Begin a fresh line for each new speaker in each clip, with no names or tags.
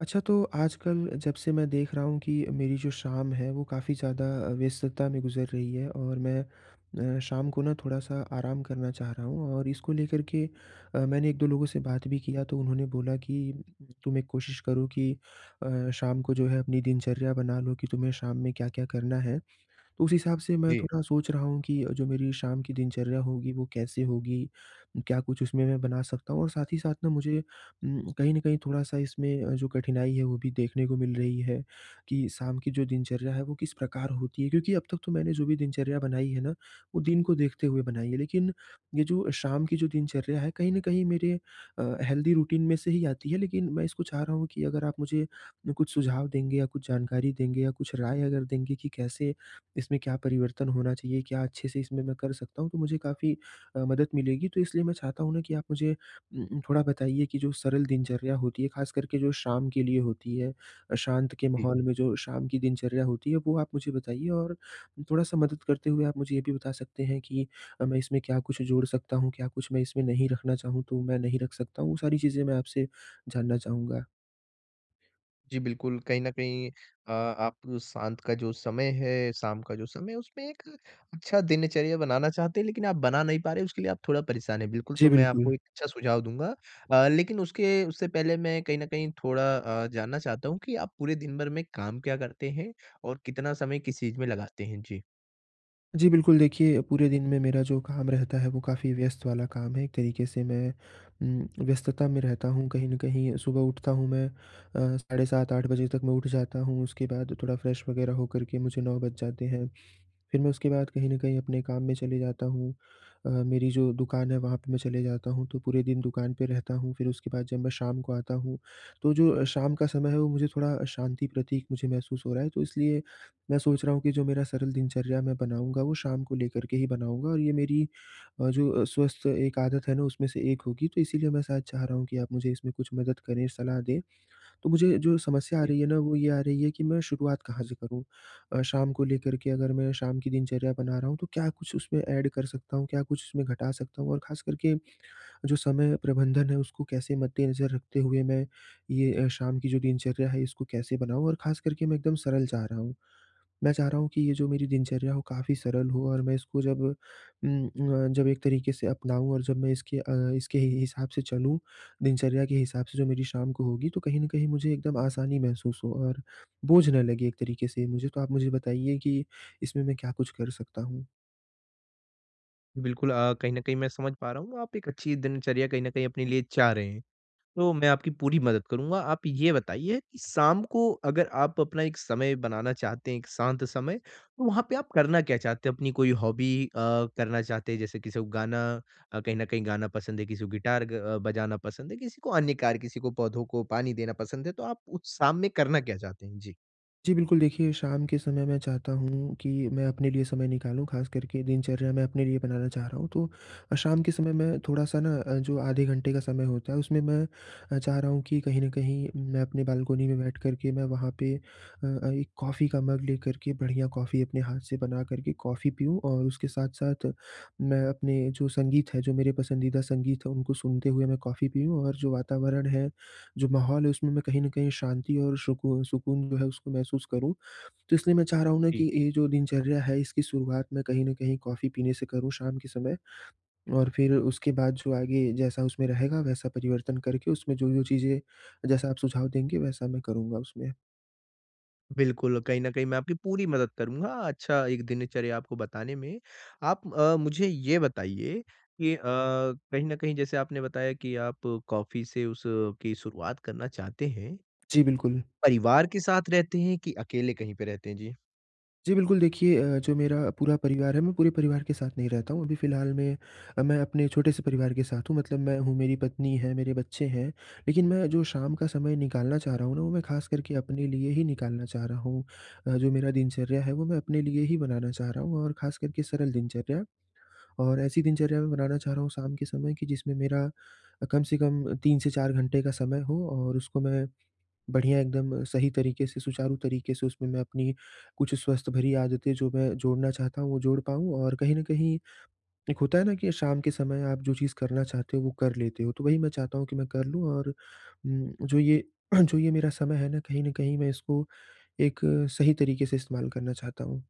अच्छा तो, आजकल जब से मैं देख रहा हूँ कि मेरी जो शाम है वो काफ़ी ज़्यादा व्यस्तता में गुज़र रही है और मैं अ, शाम को ना थोड़ा-सा आराम करना चाह रहा हूँ और इसको लेकर के अ, मैंने 1-2 लोगों से बात भी किया तो उन्होंने बोला कि तो मैं कोशिश करुँ की अ, शाम को जो है अपनी दिनचर्या बना लो कि तुम्हें शाम में क्या-क्या करना है। उस हिसाब से मैं
जी।
थोड़ा सोच रहा हूँ कि अ, जो मेरी शाम की दिनचर्या होगी वो कैसे होगी? क्या कुछ उसमें मैं बना सकता हूँ और साथ ही साथ न मुझे उम, कहीं न कहीं थोड़ा-सा इसमें जो कठिनाई है वो भी देखने को मिल रही है, कि शाम की जो दिनचर्या है वो किस प्रकार होती है? क्योंकि अब तक तो मैंने जो भी दिनचर्या बनाई है ना, वो दिन को देखते हुए बनाई है, लेकिन ये जो शाम की जो दिनचर्या है कहीं न कहीं मेरे अ, हेल्दी रूटीन में से ही आती है, लेकिन मैं इसको चाह रहा हूँ कि अगर आप मुझे म कुछ सुझाव देंगे या कुछ जानकारी देंगे या कुछ राय अगर देंगे कि कैसे, इसमें क्या परिवर्तन होना चाहिए? क्या अच्छे से इसमें मैं कर सकता हूँ? तो मुझे काफ़ी अ, मदद मिलेगी तो इसलिए मैं चाहता हूँ ना कि आप मुझे अ अ, थोड़ा बताइए कि जो सरल दिनचर्या होती है ख़ास कर के जो शाम के लिए होती है, शांत के
जी।
माहौल में जो शाम की दिनचर्या होती है वो आप मुझे बताइए और थोड़ा-सा मदद करते हुए आप मुझे ये भी बता सकते हैं कि अ, मैं इसमें क्या कुछ जोड़ सकता हूँ? क्या कुछ मैं इसमें नहीं रखना चाहूँ तो मैं नहीं रख सकता हूँ? वो सारी चीज़ें मैं आपसे जानना चाहूँगा।
जी, बिल्कुल, कहीं न कहीं अ, आप शांत का जो समय है, शाम का जो समय है उसमें एक अच्छा दिनचर्या बनाना चाहते हैं लेकिन आप बना नहीं पा रहे, उसके लिए आप थोड़ा परेशान है बिल्कुल,
जी,
तो मैं
बिल्कुल।
आपको एक अच्छा सुझाव दूँगा। अ, लेकिन उसके उससे पहले मैं कहीं न कहीं थोड़ा अ, जानना चाहता हूँ कि आप पूरे दिनभर में काम क्या करते हैं और कितना समय किस चीज़ में लगाते हैं? जी।
जी, बिल्कुल, देखिए, पूरे दिन में मेरा जो काम रहता है वो काफ़ी व्यस्त वाला काम है, एक तरीक़े से मैं उम, व्यस्तता में रहता हूँ कहीं न कहीं सुबह उठता हूँ मैं अ, साढ़े 7-8 बजे तक मैं उठ जाता हूँ उसके बाद थोड़ा फ्रेश वगैरह होकर के मुझे 9 बज जाते हैं, फिर मैं उसके बाद कहीं न कहीं अपने काम में चले जाता हूँ। अ, मेरी जो दुकान है वहाँ पे मैं चले जाता हूँ तो पूरे दिन दुकान पे रहता हूँ फिर उसके बाद जब मैं शाम को आता हूँ, तो जो शाम का समय है वो मुझे थोड़ा शांति प्रतीक मुझे महसूस हो रहा है तो इसलिए मैं सोच रहा हूँ कि जो मेरा सरल दिनचर्या मैं बनाऊँगा, वो शाम को लेकर के ही बनाऊँगा और ये मेरी अ, जो स्वस्थ एक आदत है ना उसमें से 1 होगी तो इसीलिए मैं शायद चाह रहा हूँ कि आप मुझे इसमें कुछ मदद करें सलाह दें, तो मुझे जो समस्या आ
जी।
रही है ना वो ये आ रही है कि मैं शुरुआत कहाँ से करूँ? अ, शाम को लेकर के अगर मैं शाम की दिनचर्या बना रहा हूँ तो क्या कुछ उसमें ऐड कर सकता हूँ क्या कुछ उसमें घटा सकता हूँ और ख़ास करके, जो समय प्रबंधन है उसको कैसे मद्देनज़र रखते हुए मैं ये अ, शाम की जो दिनचर्या है इसको कैसे बनाऊँ? और ख़ास करके मैं एकदम सरल चाह रहा हूँ, मैं चाह रहा हूँ कि ये जो मेरी दिनचर्या हो काफ़ी सरल हो और मैं इसको जब उम, अ, जब एक तरीक़े से अपनाऊँ और जब मैं इसके अ, इसके ही हिसाब से चलूँ, दिनचर्या के हिसाब से जो मेरी शाम को होगी तो कहीं न कहीं मुझे एकदम आसानी महसूस हो और बोझ ना लगे एक तरीक़े से ये मुझे, तो आप मुझे बताइए की इसमें मैं क्या कुछ कर सकता हूँ?
बिल्कुल अ, कहीं न कहीं मैं समझ पा रहा हूँ आप एक अच्छी दिनचर्या कहीं न कहीं अपने लिए चाह रहे हैं, तो मैं आपकी पूरी मदद करूँगा। आप ये बताइए, कि शाम को अगर आप अपना एक समय बनाना चाहते हैं, एक शांत समय, तो वहाँ पे आप करना क्या चाहते हो? अपनी कोई हॉबी अ, करना चाहते हैं? जैसे किसी को गाना अ, कहीं न कहीं गाना पसंद है, किसी को गिटार अ, बजाना पसंद है, किसी को अन्य कार्य किसी को पौधों को पानी देना पसंद है, तो आप उस शाम में करना क्या चाहते हैं? जी।
जी, बिल्कुल, देखिए शाम के समय मैं चाहता हूँ कि मैं अपने लिए समय निकालूँ ख़ास करके दिनचर्या में अपने लिए बनाना चाह रहा हूँ। तो शाम के समय मैं थोड़ा-सा ना अ, जो आधे घंटे का समय होता है उसमें मैं अ, चाह रहा हूँ कि कहीं न कहीं मैं अपने बालकनी में बैठ कर के मैं वहाँ पे अ, एक कॉफ़ी का मग लेकर के बढ़िया कॉफ़ी अपने हाथ से बना कर के कॉफ़ी पीऊँ और उसके साथ-साथ मैं अपने जो संगीत है जो मेरे पसंदीदा संगीत है उनको सुनते हुए मैं कॉफ़ी पीऊँ और जो वातावरण है, जो माहौल है उसमें मैं कहीं न कहीं शांति और सुकून सुकून जो है उसको महसूस करूँ, तो इसलिए मैं चाह रहा हूँ ना की
जी।
ये जो दिनचर्या है इसकी शुरुआत में कहीं न कहीं कॉफ़ी पीने से करूँ शाम के समय और फिर उसके बाद जो आगे, जैसा उसमें रहेगा वैसा परिवर्तन करके उसमें जो-जो चीज़ें जैसा आप सुझाव देंगे वैसा मैं करूँगा उसमें।
बिल्कुल, कहीं न कहीं मैं आपकी पूरी मदद करूँगा अच्छा एक दिनचर्या आपको बताने में। आप अ, मुझे ये बताइए कि अ, कहीं न कहीं जैसे आपने बताया कि आप कॉफ़ी से उस की शुरुआत करना चाहते हैं।
जी, बिल्कुल।
परिवार के साथ रहते हैं कि अकेले कहीं पे रहते हैं? जी।
जी बिल्कुल, देखिए अ, जो मेरा पूरा परिवार है मैं पूरे परिवार के साथ नहीं रहता हूँ अभी फ़िलहाल में अ, मैं अपने छोटे से परिवार के साथ हूँ मतलब मैं हूँ, मेरी पत्नी है, मेरे बच्चे हैं। लेकिन मैं जो शाम का समय निकालना चाह रहा हूँ ना वो मैं ख़ास करके अपने लिए ही निकालना चाह रहा हूँ अ, जो मेरा दिनचर्या है वो मैं अपने लिए ही बनाना चाह रहा हूँ और ख़ास करके सरल दिनचर्या। और ऐसी दिनचर्या मैं बनाना चाह रहा हूँ शाम के समय कि जिसमें मेरा अ, कम से कम 3 से 4 घंटे का समय हो और उसको मैं बढ़िया एकदम सही तरीके से, सुचारू तरीके से उसमें मैं अपनी कुछ स्वस्थ भरी आदतें जो मैं जोड़ना चाहता हूँ वो जोड़ पाऊँ और कहीं न कहीं एक होता है ना कि शाम के समय आप जो चीज़ करना चाहते हो वो कर लेते हो। तो वही मैं चाहता हूँ कि मैं कर लूँ और उम, जो ये जो ये मेरा समय है न कहीं न कहीं मैं इसको एक सही तरीके से इस्तेमाल करना चाहता हूँ।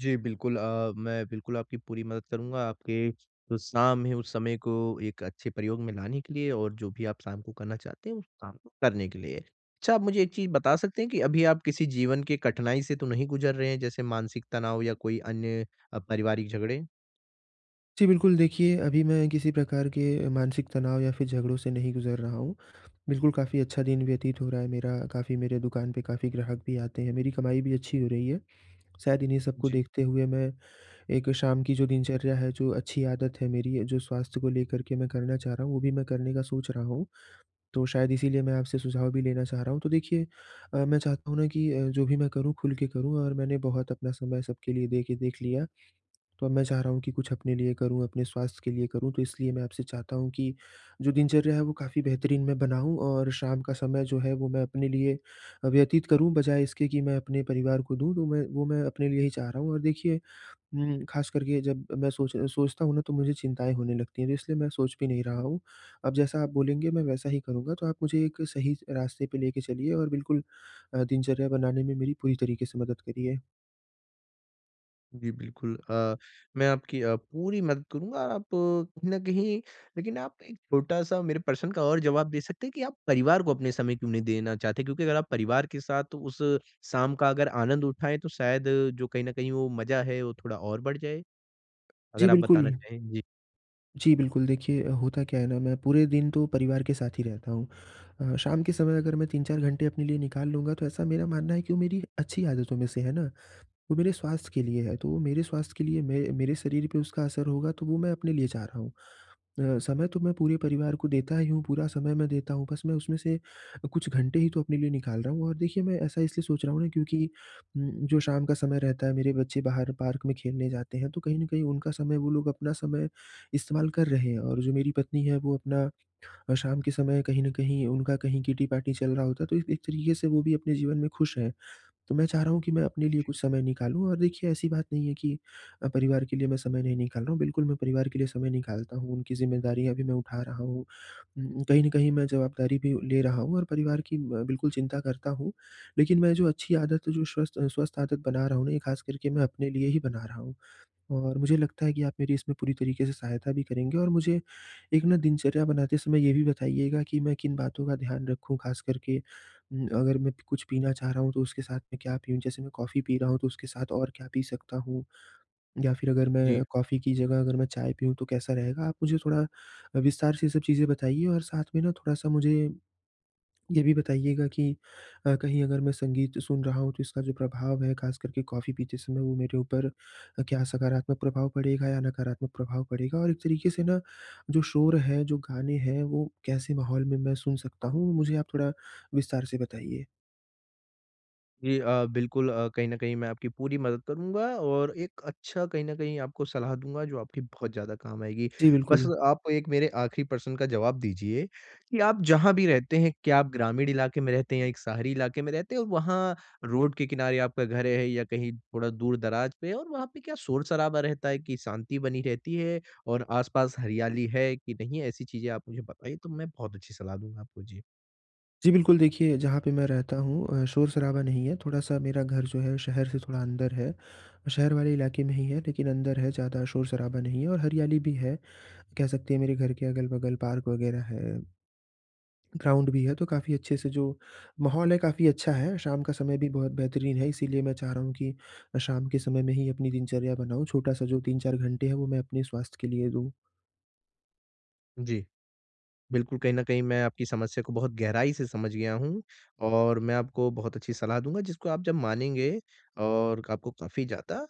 जी, बिल्कुल अ, मैं बिल्कुल आपकी पूरी मदद करूँगा। आपके, जो शाम है उस समय को एक अच्छे प्रयोग में लाने के लिए और जो भी आप शाम को करना चाहते हैं उस काम को करने के लिए। अच्छा आप मुझे एक चीज़ बता सकते हैं की अभी आप किसी जीवन के कठिनाई से तो नहीं गुजर रहे हैं जैसे मानसिक तनाव या कोई अन्य अ, पारिवारिक झगड़े।
जी, बिल्कुल, देखिए अभी मैं किसी प्रकार के मानसिक तनाव या फिर झगड़ों से नहीं गुजर रहा हूँ। बिल्कुल काफ़ी अच्छा दिन व्यतीत हो रहा है मेरा, काफ़ी मेरे दुकान पे काफ़ी ग्राहक भी आते हैं, मेरी कमाई भी अच्छी हो रही है। शायद इन्हीं सब को
जी।
देखते हुए मैं एक शाम की जो दिनचर्या है जो अच्छी आदत है मेरी जो स्वास्थ्य को लेकर के मैं करना चाह रहा हूँ वो भी मैं करने का सोच रहा हूँ, तो शायद इसीलिए मैं आपसे सुझाव भी लेना चाह रहा हूँ। तो देखिए अ, मैं चाहता हूँ ना कि अ, जो भी मैं करूँ खुल के करूँ और मैंने बहुत अपना समय सबके लिए देके देख लिया, तो अब मैं चाह रहा हूँ कि कुछ अपने लिए करूँ अपने स्वास्थ्य के लिए करूँ, तो इसलिए मैं आपसे चाहता हूँ कि जो दिनचर्या है वो काफ़ी बेहतरीन मैं बनाऊँ और शाम का समय जो है वो मैं अपने लिए व्यतीत करूँ, बजाए इसके कि मैं अपने परिवार को दूँ तो मैं वो मैं अपने लिए ही चाह रहा हूँ। और देखिए उम, ख़ास कर के जब मैं सोच सोचता हूँ ना तो मुझे चिंताएँ होने लगती हैं तो इसलिए मैं सोच भी नहीं रहा हूँ, अब जैसा आप बोलेंगे मैं वैसा ही करूँगा। तो आप मुझे एक सही रास्ते पे लेके चलिए और बिल्कुल अ, दिनचर्या बनाने में मेरी पूरी तरीके से मदद करिए।
जी, बिल्कुल, अ, मैं आपकी अ, पूरी मदद करूँगा आप कहीं न कहीं लेकिन आप एक छोटा-सा मेरे प्रश्न का और जवाब दे सकते हैं कि आप परिवार को अपने समय क्यों नहीं देना चाहते? क्योंकि अगर आप परिवार के साथ उस शाम का अगर आनंद उठाए तो शायद जो कहीं न कहीं वो मज़ा है वो थोड़ा और बढ़ जाए।
जी
अगर आप बताना
बिल्कुल।
चाहे? जी।
जी, बिल्कुल, देखिए अ, होता क्या है ना मैं पूरे दिन तो परिवार के साथ ही रहता हूँ। अ, शाम के समय अगर मैं 3-4 घंटे अपने लिए निकाल लूँगा तो ऐसा मेरा मानना है कि वो मेरी अच्छी आदतों में से है ना? वो मेरे स्वास्थ्य के लिए है तो वो मेरे स्वास्थ्य के लिए मै मेरे शरीर पर उसका असर होगा तो वो मैं अपने लिए चाह रहा हूँ। अ, समय तो मैं पूरे परिवार को देता ही हूँ पूरा समय मैं देता हूँ बस मैं उसमें से अ, कुछ घंटे ही तो अपने लिए निकाल रहा हूँ और देखिए मैं ऐसा इसलिए सोच रहा हूँ ना क्योंकि उम, जो शाम का समय रहता है मेरे बच्चे बाहर पार्क में खेलने जाते हैं तो कहीं न कहीं उनका समय वो लोग अपना समय इस्तेमाल कर रहे हैं और जो मेरी पत्नी है वो अपना अ, शाम के समय कहीं न कहीं उनका कहीं किट्टी पार्टी चल रहा होता है तो ए एक तरीके से वो भी अपने जीवन में खुश हैं। तो मैं चाह रहा हूँ कि मैं अपने लिए
जी।
कुछ समय निकालूँ और देखिए ऐसी बात नहीं है कि अ, परिवार के लिए मैं समय नहीं निकाल रहा हूँ बिल्कुल मैं परिवार के लिए समय निकालता हूँ उनकी ज़िम्मेदारियाँ भी मैं उठा रहा हूँ। उम, कहीं न कहीं मैं जवाबदारी भी ले रहा हूँ और परिवार की ब बिल्कुल चिंता करता हूँ, लेकिन मैं जो अच्छी आदत है जो स्वस्थ स्वस्थ आदत बना रहा हूँ ना ये ख़ास करके मैं अपने लिए ही बना रहा हूँ। और मुझे लगता है कि आप मेरी इसमें पूरी तरीके से सहायता भी करेंगे और मुझे एक ना दिनचर्या बनाते समय ये भी बताइएगा कि मैं किन बातों का ध्यान रखूँ, ख़ास करके उम, अगर मैं कुछ पीना चाह रहा हूँ तो उसके साथ में क्या पीऊँ? जैसे मैं कॉफ़ी पी रहा हूँ तो उसके साथ और क्या पी सकता हूँ? या फिर अगर
जी।
मैं कॉफ़ी की जगह अगर मैं चाय पियूँ तो कैसा रहेगा? आप मुझे थोड़ा अ, विस्तार से ये सब चीज़ें बताइए और साथ में ना थोड़ा-सा मुझे, ये भी बताइएगा कि अ, कहीं अगर मैं संगीत सुन रहा हूँ तो इसका जो प्रभाव है ख़ास करके कॉफ़ी पीते समय वो मेरे ऊपर अ, क्या सकारात्मक प्रभाव पड़ेगा या नकारात्मक प्रभाव पड़ेगा? और एक तरीके से ना, जो शोर है, जो गाने हैं, वो कैसे माहौल में मैं सुन सकता हूँ? मुझे आप थोड़ा विस्तार से बताइए।
जी अ, बिल्कुल अ, कहीं न कहीं मैं आपकी पूरी मदद करूँगा, और एक अच्छा कहीं न कहीं आपको सलाह दूँगा जो आपकी बहुत ज़्यादा काम आएगी।
जी,
बस
बिल्कुल।
आप एक मेरे आखरी प्रश्न का जवाब दीजिए कि आप जहाँ भी रहते हैं, क्या आप ग्रामीण इलाके में रहते हैं या एक शहरी इलाके में रहते हैं, और वहाँ रोड के किनारे आपका घर है या कहीं थोड़ा दूर-दराज़ पे, और वहाँ पे क्या शोर-शराबा रहता है कि शांति बनी रहती है, और आस-पास हरियाली है कि नहीं है? ऐसी चीज़ें आप मुझे बताइए, तो मैं बहुत अच्छी सलाह दूँगा आपको, जी।
जी, बिल्कुल। देखिए, जहाँ पे मैं रहता हूँ अ, शोर-शराबा नहीं है, थोड़ा सा मेरा घर जो है, शहर से थोड़ा अंदर है। अ, शहर वाले इलाके में ही है लेकिन अंदर है, ज़्यादा शोर-शराबा नहीं है और हरियाली भी है, कह सकते हैं मेरे घर के अगल-बगल पार्क वगैरह है, ग्राउंड भी है, तो काफ़ी अच्छे से जो माहौल है, काफ़ी अच्छा है। शाम का समय भी बहुत बेहतरीन है, इसीलिए मैं चाह रहा हूँ कि अ, शाम के समय में ही अपनी दिनचर्या बनाऊँ, छोटा-सा जो 3-4 घंटे हैं, वो मैं अपने स्वास्थ्य के लिए दूँ।
जी। बिल्कुल, कहीं न कहीं मैं आपकी समस्या को बहुत गहराई से समझ गया हूँ, और मैं आपको बहुत अच्छी सलाह दूँगा जिसको आप जब मानेंगे और आपको काफ़ी ज़्यादा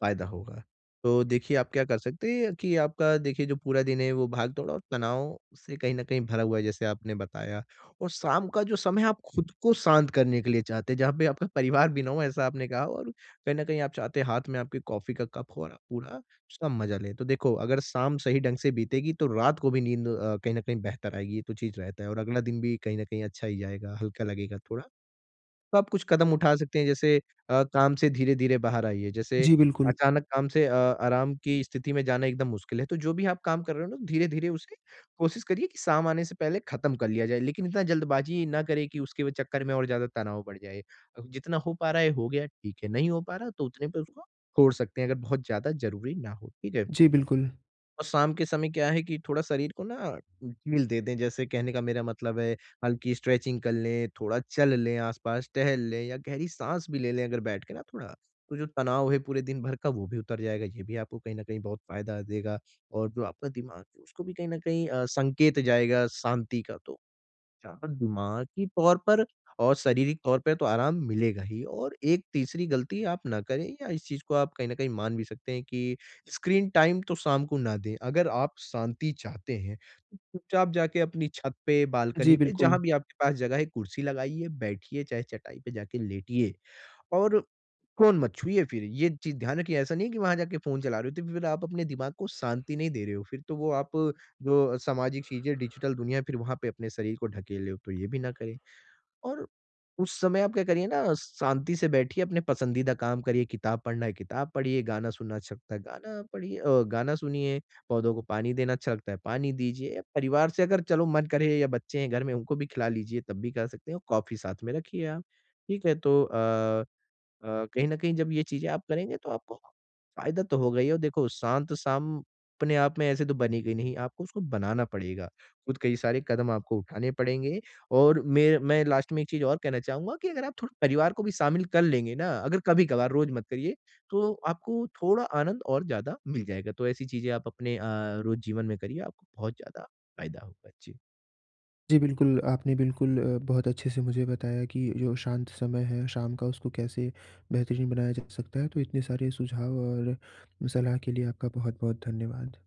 फ़ायदा होगा। तो देखिए, आप क्या कर सकते हैं कि आपका देखिए जो पूरा दिन है, वो भाग दौड़ और तनाव से कहीं न कहीं भरा हुआ है जैसे आपने बताया। और शाम का जो समय है, आप ख़ुद को शांत करने के लिए चाहते हैं जहाँ पे आपका परिवार भी ना हो, ऐसा आपने कहा, और कहीं न कहीं आप चाहते हैं हाथ में आपके कॉफ़ी का कप हो और आप पूरा उसका मज़ा ले। तो देखो, अगर शाम सही ढंग से बीतेगी, तो रात को भी नींद अ, कहीं न कहीं बेहतर आएगी, ये तो चीज़ रहता है, और अगला दिन भी कहीं न कहीं अच्छा ही जाएगा, हल्का लगेगा थोड़ा। तो आप कुछ कदम उठा सकते हैं, जैसे अ, काम से धीरे-धीरे बाहर आइए। जैसे
जी, बिल्कुल।
अचानक काम से अ, आराम की स्थिति में जाना एकदम मुश्किल है, तो जो भी आप काम कर रहे हो ना, धीरे-धीरे उसे कोशिश करिए कि शाम आने से पहले ख़त्म कर लिया जाए। लेकिन इतना जल्दबाज़ी ना करें कि उसके व चक्कर में और ज़्यादा तनाव बढ़ जाए। अ, जितना हो पा रहा है, हो गया, ठीक है, नहीं हो पा रहा, तो उतने पे उसको छोड़ सकते हैं अगर बहुत ज़्यादा ज़रूरी ना हो, ठीक है।
जी, बिल्कुल।
और शाम के समय क्या है कि थोड़ा शरीर को ना ढील दे दें। जैसे कहने का मेरा मतलब है, हल्की स्ट्रेचिंग कर लें, थोड़ा चल लें आस-पास, टहल लें, या गहरी साँस भी ले लें अगर बैठ के ना थोड़ा, तो जो तनाव है पूरे दिन भर का वो भी उतर जाएगा, ये भी आपको कहीं न कहीं बहुत फ़ायदा देगा। और जो आपका दिमाग है, उसको भी कहीं न कहीं अ, संकेत जाएगा शांति का, तो जहाँ दिमागी तौर पर और शारीरिक तौर पे तो आराम मिलेगा ही। और एक तीसरी गलती आप ना करें, या इस चीज़ को आप कहीं न कहीं मान भी सकते हैं कि स्क्रीन टाइम तो शाम को ना दें। अगर आप शांति चाहते हैं, तो चुपचाप जाके अपनी छत पे,
जी,
बालकनी पे, जहाँ
बिल्कुल।
भी आपके पास जगह है, कुर्सी लगाइए, बैठिए, चाहे चटाई पे जाके लेटिए। और फ़ोन मत छुइए फिर, ये चीज़ ध्यान रखिए, ऐसा नहीं है कि वहाँ जाके फ़ोन चला रहे हो, तो फिर आप अपने दिमाग को शांति नहीं दे रहे हो, फिर तो वो आप जो सामाजिक चीज़ें, डिजिटल दुनिया, फिर वहाँ पे अपने शरीर को ढकेल हो, तो ये भी ना करें। और उस समय आप क्या करिए ना, शांति से बैठिए, अपने पसंदीदा काम करिए, किताब पढ़ना है, किताब पढ़िए, गाना सुनना अच्छा लगता है, गाना पढ़िए अ, गाना सुनिए, पौधों को पानी देना अच्छा लगता है, पानी दीजिए। परिवार से अगर चलो मन करें या बच्चे हैं घर में, उनको भी खेला लीजिए, तब भी कर सकते हैं और कॉफ़ी साथ में रखिए आप। ठीक है, तो अ अ, कहीं न कहीं जब ये चीज़ें आप करेंगे, तो आपको फ़ायदा तो होगा ही। और देखो, शांत शाम अपने आप में ऐसे तो बनेगी नहीं, आपको उसको बनाना पड़ेगा, ख़ुद कई सारे कदम आपको उठाने पड़ेंगे। और में मैं लास्ट में एक चीज़ और कहना चाहूँगा कि अगर आप थोड़ा परिवार को भी शामिल कर लेंगे ना, अगर कभी-कभार, रोज़ मत करिए, तो आपको थोड़ा आनंद और ज़्यादा मिल जाएगा। तो ऐसी चीज़ें आप अपने अ, रोज़ जीवन में करिए, आपको बहुत ज़्यादा फ़ायदा होगा। जी।
जी, बिल्कुल, आपने बिल्कुल अ, बहुत अच्छे से मुझे बताया कि जो शांत समय है शाम का, उसको कैसे बेहतरीन बनाया जा सकता है। तो इतने सारे सुझाव और सलाह के लिए आपका बहुत-बहुत धन्यवाद।